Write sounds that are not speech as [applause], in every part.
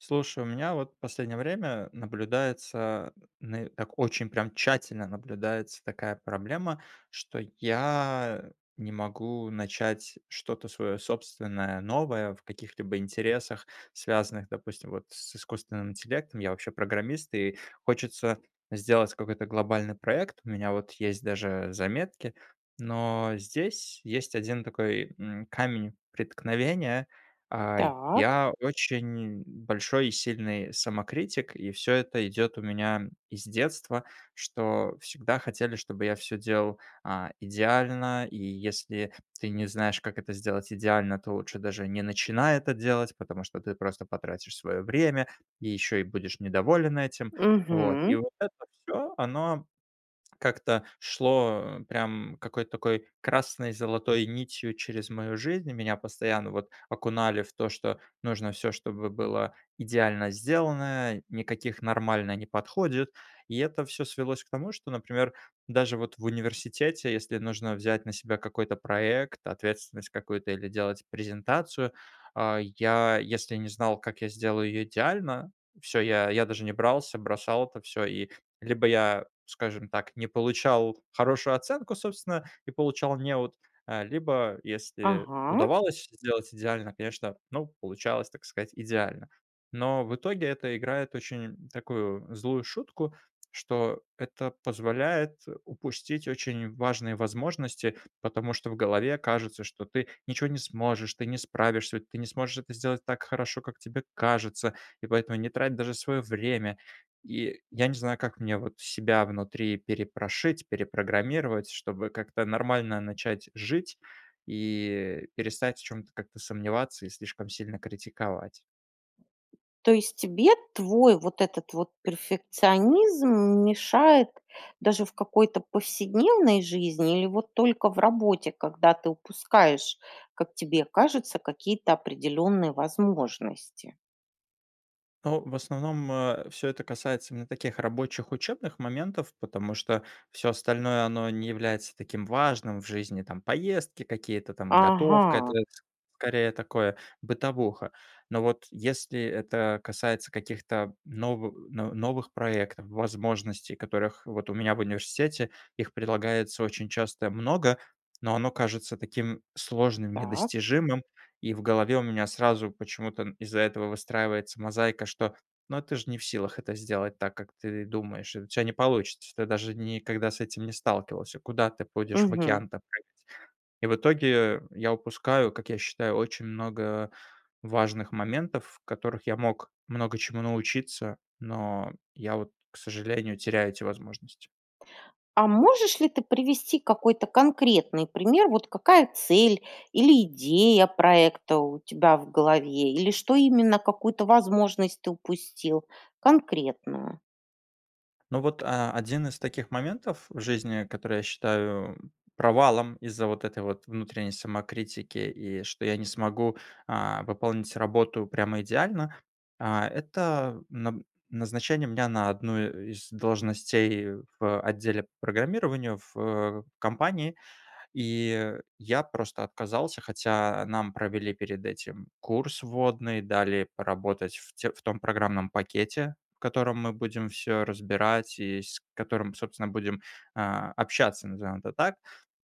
Слушай, у меня, вот, в последнее время наблюдается, нэ так, очень прям тщательно, наблюдается такая проблема, что я, э, не могу начать что-то свое собственное, новое, в каких-либо интересах, связанных, допустим, вот, с искусственным интеллектом. Я, вообще, программист, и хочется сделать какой-то глобальный проект. У меня, вот, есть даже заметки, но здесь есть 1, такой, м, камень преткновения. А, Так. я очень большой и сильный самокритик, и всё это идет у меня из детства, что всегда хотели, чтобы я всё делал, а, идеально, и если ты не знаешь, как это сделать идеально, то лучше даже не начинай это делать, потому что ты просто потратишь свое время, и еще и будешь недоволен этим. Вот. И Мгм. вот это всё, оно как-то шло, э, прям, какой-то такой красной золотой нитью через мою жизнь. Меня постоянно, вот, окунали в то, что нужно всё чтобы было идеально сделано, никаких "нормально" не подходит. И это всё свелось к тому, что, например, даже вот в университете, если нужно взять на себя какой-то проект, ответственность какую-то или делать презентацию, а, я если не знал, как я сделаю ее идеально, всё, я я даже не брался, бросал это всё. И, либо я, скажем так, не получал хорошую оценку, собственно, и получал "неуд", э, либо если Ага. удавалось сделать идеально, конечно, ну, получалось, так сказать, идеально. Но в итоге- это играет очень, такую, злую шутку, что это позволяет упустить очень важные возможности, потому что в голове кажется, что ты ничего не сможешь, ты не справишься, у ты не сможешь это сделать так хорошо, как тебе кажется и поэтому не трать даже свое время. И я не знаю, как мне, вот, себя внутри перепрошить, перепрограммировать, чтобы как-то нормально начать жить и перестать в чём-то как-то сомневаться, ислишком сильно критиковать. То есть тебе твой, вот этот вот перфекционизм, мешает даже в какой-то повседневной жизни? Или, вот, только в работе, когда ты упускаешь, как тебе кажется, какие-то определенные возможности? Ау в основном, э, всё это касается именно таких, рабочих, учебных моментов, потому, что всё остальное- оно не является таким важным в жизни, там, поездки, какие-то, там, готовка- это Ага. это, с скорее, такое, бытовуха. Но, вот, если это касается каких-то новы но новых проектов, возможностей, которых вот у меня в университете, их предлагается очень часто много, но оно кажется таким сложным, Так. недостижимым, и в голове у меня сразу почему-то н из-за этого выстраивается мозаика, что "ну ты же не в силах это сделать так, как ты думаешь, и у тя не получится, ты даже ни никогда с этим не сталкивался, куда ты будешь в Мгм. океан-то прыгать". И в итоге, э, я упускаю, как я считаю, очень много, э, важных моментов, в которых я мог много чему научиться, но я, от, к сожалению, теряю эти возможности. А можешь ли ты привести какой-то конкретный пример, вот, какая цель или идея проекта у тебя в голове, или что именно, какую-то возможность ты упустил, конкретную? Ну вот, а, 1 из таких моментов в жизни, который я считаю провалом из-за вот этой вот внутренней самокритики, и что я не смогу, а, пополнить работу прямо идеально,- а, это на назначение меня на 1 из должностей в отделе программирования в, э, компании. И я просто отказался, хотя нам провели перед этим курс вводный, дали поработать в тё в том программном пакете, в котором мы будем всё разбирать и с которым, собственно, будем, а, общаться, назовем это так.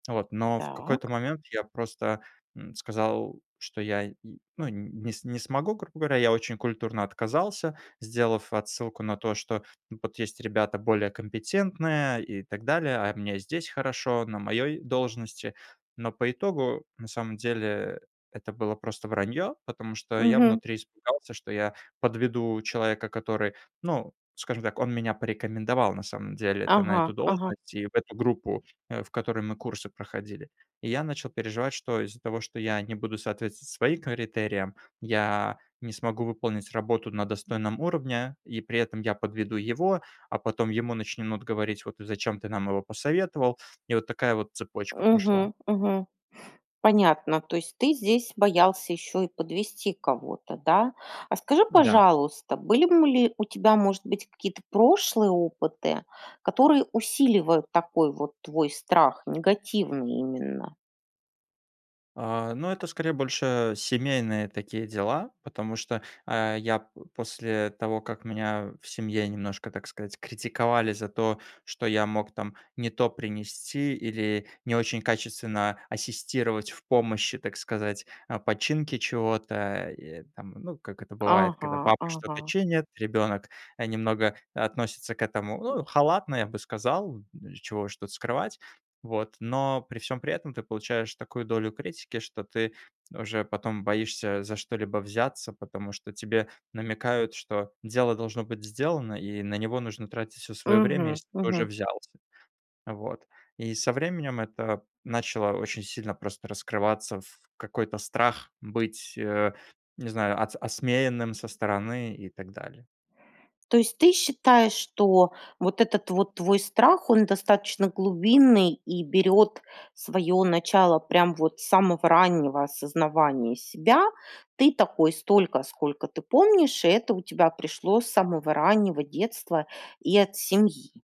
Вот, но в какой-то Так. момент я просто, м, сказал, что я н ну, не не смогу, грубо говоря. Я очень культурно отказался, сделав отсылку на то, что вот есть ребята более компетентные и так далее, а мне и здесь хорошо, на моей должности. Но по итогу, на самом деле, это было просто вранье, потому что я Мгм. внутри испугался, что я подведу человека, который- ну скажем так, он меня порекомендовал, на самом деле-то на эту Ага, ага. должность и в эту группу, э, в которой мы курсы проходили. И я начал переживать, что из-за того, что я не буду соответствовать своим критериям, я не смогу выполнить работу на достойном уровне, и при этом я подведу его, а потом ему начнут говорить: "Вот зачем ты нам его посоветовал?" И вот такая вот цепочка пошла. Мгм, мгм. Понятно. То есть ты здесь боялся еще и подвести кого-то, да? А скажи, Да. пожалуйста, были б ли у тебя, может быть, какие-то прошлые опыты, которые усиливают такой вот твой страх, негативный именно? А, ну, это скорее больше семейные такие дела, потому что, э, я п после того, как меня в семье немножко, так сказать, критиковали за то, что я мог, там, не то принести или не очень качественно ассистировать в помощи, так сказать, а, починки чего-то. Э, ну как это бывает, когда Ага, папа что-то ага. чинит, ребенок, э, немного относится к этому, ну, халатно, я бы сказал, чего уж тут скрывать, вот. Но при всём при этом ты получаешь такую долю критики, что ты уже потом боишься за что-либо взяться, потому что тебе намекают, что дело должно быть сделано, и на него нужно тратить всё свое время, Мгм, если ты уже мгм. взялся. Вот. И со временем это начало очень сильно просто раскрываться в какой-то страх быть, э, не знаю, от осмеянным со стороны и так далее. То есть ты считаешь, что вот этот вот твой страх- он достаточно глубинный и берет свое начало прям вот с самого раннего осознавания себя? Ты такой столько, сколько ты помнишь, и это у тебя пришло с самого раннего детства и от семьи?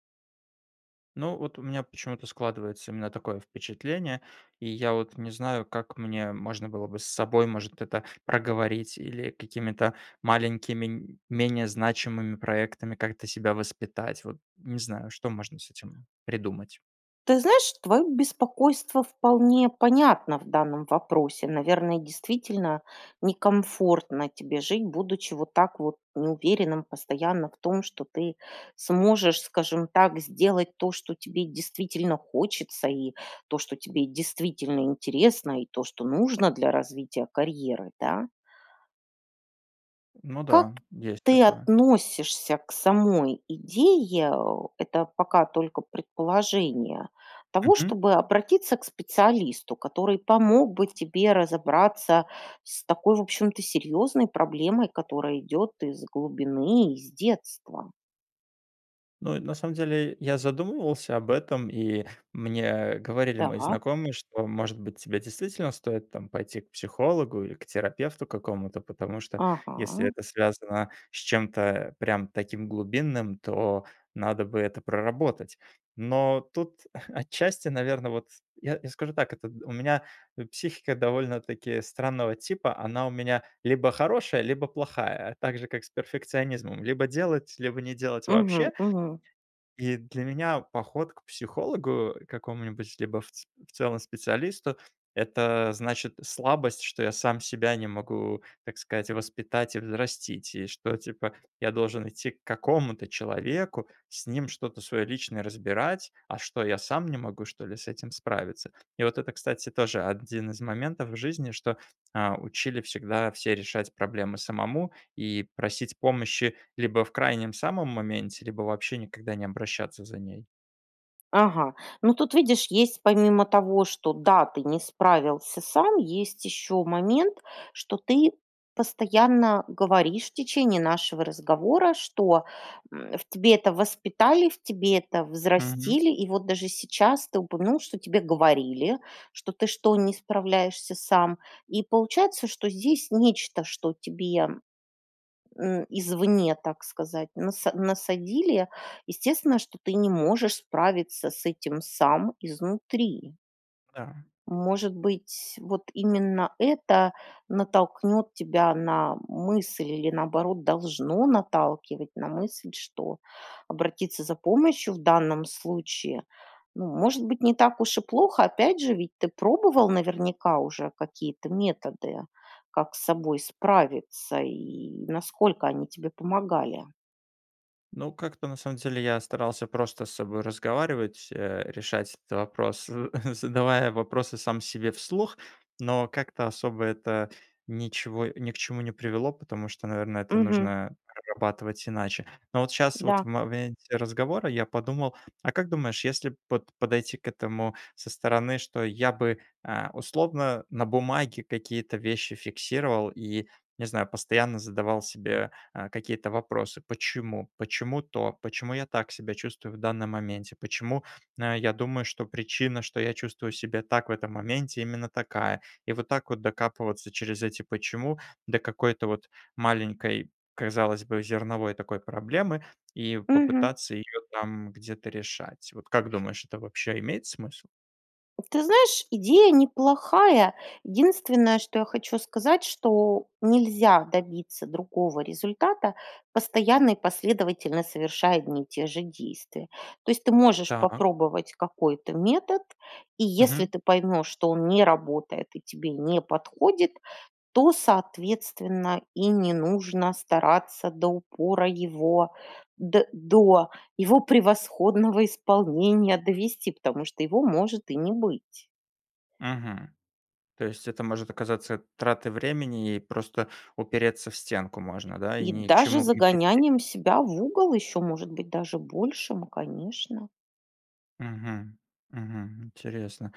Ну, вот у меня почему-то складывается именно такое впечатление. И я вот не знаю, как мне можно было бы с собой может это проговорить, или какими-то маленькими, м, менее значимыми проектами как-то себя воспитать. Вот не знаю, что можно с этим придумать. Ты знаешь, твое беспокойство вполне понятно в данном вопросе. Наверное, действительно, некомфортно тебе жить, будучи, вот так вот, неуверенным постоянно в том, что ты сможешь, скажем так, сделать то, что тебе действительно хочется, и то, что тебе, действительно, интересно, и то, что нужно для развития карьеры, да. Ну Как да. Есть ты такое. относишься к самой идее, э- это пока только предположение- того, Мгм. чтобы обратиться к специалисту, который помог бы тебе разобраться с такой, в общем-то, серьезной проблемой, которая идет из глубины, из детства? Ну и, на самом деле, я задумывался об этом, и мне, э, говорили мои Так. знакомые, что, может быть, тебе действительно стоит, там, пойти к психологу или к терапевту какому-то. Потому что, если Ага. это связано с чем-то, э, прям таким глубинным, то надо бы это проработать. Но тут, [chuckles] отчасти, наверно, вот, я я скажу так, как у у меня, э, психика довольно-таки странного типа, она у меня либо хорошая, либо плохая, также как с перфекционизмом, либо делать, либо не делать Мгм, вообще. мгм. И для меня поход к психологу, э, какому-нибудь, либо в ц в целом специалисту- это значит слабость, что я сам себя не могу, так сказать, воспитать и взрастить. И что, типа, я должен идти к какому-то человеку, с ним что-то свое личное разбирать. А что, я сам не могу, что ли, с этим справиться? И вот это, кстати, тоже один из моментов в жизни- что, а, учили всегда все решать проблемы самому и просить помощи либо в крайнем самом моменте, либо вообще никогда не обращаться за ней. Ага. Ну, тут, видишь, есть, помимо того, что, да, ты не справился сам, есть еще момент, что ты постоянно говоришь, в течение нашего разговора, что, м, в тебе это воспитали, в тебе это Мгм. взрастили. И вот даже сейчас ты упомянул, что тебе говорили, что: "Ты что, не справляешься сам?" И, получается, что здесь нечто, что тебе, э, извне, так сказать, наса насадили. Естественно, что ты не можешь справиться с этим сам, изнутри. Да. Может быть, вот, именно это натолкнет тебя на мысль или, наоборот, должно наталкивать на мысль, что обратиться за помощью в данном случае, ну, может быть, не так уж и плохо. Опять же, ведь ты пробовал, наверняка, уже какие-то методы, как с собой справиться, и насколько они тебе помогали? Ну, как-то, на самом деле, я старался просто с собой разговаривать, э, решать этот вопрос, [chuckles] задавая вопросы сам себе вслух, но как-то особо это ничего ни к чему не привело, потому что, наверное, это Мгм. нужно, э, прорабатывать иначе. Но вот щас, вот в Да. моменте разговора, я подумал: а как думаешь, если б, вот, подойти к этому со стороны, что я бы, э, условно, на бумаге какие-то вещи фиксировал, и, не знаю, постоянно задавал себе, э, какие-то вопросы "почему?", "Почему то?", "Почему я так себя чувствую в данном моменте?", "Почему, э, я думаю, что причина, что я чувствую себя так в этом моменте, именно такая?" И вот так вот докапываться через эти "почему" до какой-то, вот, маленькой, казалось, бы зерновой, такой, проблемы, и Мгм. попытаться ее там где-то решать, вот как думаешь это вообще имеет смысл? Ты знаешь, идея неплохая. Единственное, что я хочу сказать, что нельзя добиться другого результата, постоянно и последовательно совершая одни и те же действия. То есть, ты можешь Та. попробовать какой-то метод, и если Мгм. ты поймешь, что он не работает, и тебе не подходит, то, соответственно, и не нужно стараться до упора его, до до его превосходного исполнения довести, потому что его может и не быть. Мгм. То есть, это может оказаться тратой времени и просто упереться в стенку можно, да, и И ни к даже чему не прийти? загонянием себя в угол, еще может быть даже большим, конечно. Мгм, мгм. Интересно.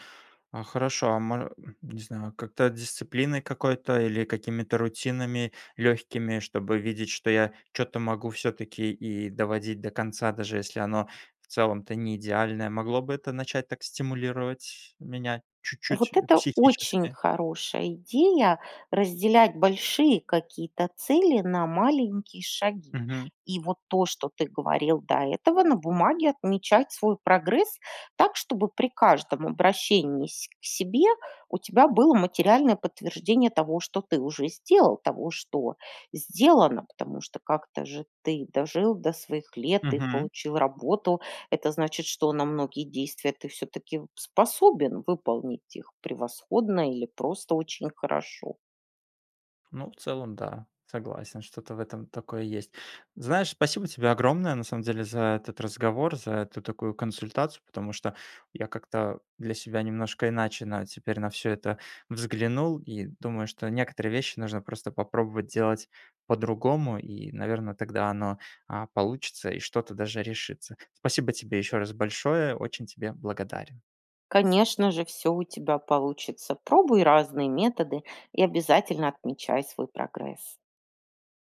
А хорошо, а мо не знаю, как-то дисциплиной какой-то или какими-то рутинами легкими, чтобы видеть что я чё-то могу всё-таки и доводить до конца. Даже если оно в целом-то неидеальное, могло бы это начать так стимулировать меня чуть-чуть, Вот э, это очень психически? хорошая идея разделять большие какие-то цели на маленькие шаги. Мгм. И вот то, что ты говорил до этого- на бумаге отмечать свой прогресс так, чтобы при каждом обращении се к себе у тебя было материальное подтверждение того, что ты уже сделал, того, что сделано, потому что как-то же ты дожил до своих лет и Мгм. получил работу. Это значит, что на многие действия ты всё-таки вот способен выполнить их превосходно или просто очень хорошо. Ну, в целом да, согласен, что-то в этом такое есть. Знаешь, спасибо тебе огромное на самом деле за этот разговор, за эту такую консультацию, потому что я как-то для себя немножко иначе на теперь на всё это взглянул и думаю, что некоторые вещи нужно просто попробовать делать по-другому и, наверно, тогда оно, а, получится и что-то даже решится. Спасибо тебе еще раз большое, очень тебе благодарен! Конечно же всё у тебя получится! Пробуй разные методы и обязательно отмечай свой прогресс.